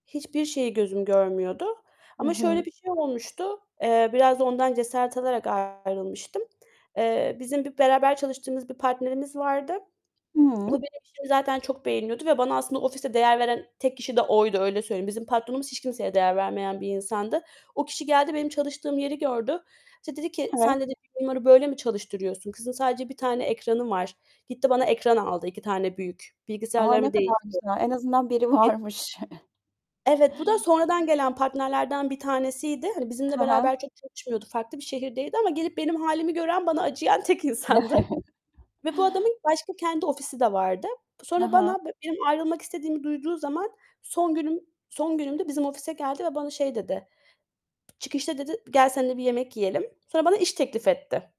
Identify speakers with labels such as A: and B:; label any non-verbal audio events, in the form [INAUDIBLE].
A: Hiçbir şeyi gözüm görmüyordu
B: Hı
A: ama şöyle
B: hı.
A: bir şey olmuştu. Eee, biraz da ondan cesaret alarak ayrılmıştım. Eee, bizim bir beraber çalıştığımız bir partnerimiz vardı. Bu
B: Hıı.
A: benim işimi zaten çok beğeniyordu ve bana aslında ofiste değer veren tek kişi de oydu, öyle söyleyeyim. Bizim patronumuz hiç kimseye değer vermeyen bir insandı. O kişi geldi, benim çalıştığım yeri gördü. İşte dedi ki,
B: Evet.
A: "Sen." dedi "Bunları böyle mi çalıştırıyorsun? Kızın sadece 1 tane ekranı var." Gitti bana ekran aldı 2 tane büyük.
B: A, ne
A: Bilgisayarlarımı
B: kadar güzel. En azından biri
A: [UNINTELLIGIBLE]
B: varmış.
A: Evet, bu da sonradan gelen partnerlerden bir tanesiydi. Hani bizimle
B: He he.
A: beraber çok çalışmıyordu, farklı bir şehirdeydi ama gelip benim hâlimi gören, bana acıyan tek insandı ve bu
B: [CHUCKLES]
A: adamın, başka kendi ofisi de vardı.
B: He
A: Sonra
B: he.
A: bana, benim ayrılmak istediğimi duyduğu zaman, son günüm son günüm de bizim ofise geldi ve bana şey dedi, "Çıkışta" dedi, "gel senle bir yemek yiyelim." Sonra bana iş teklif etti.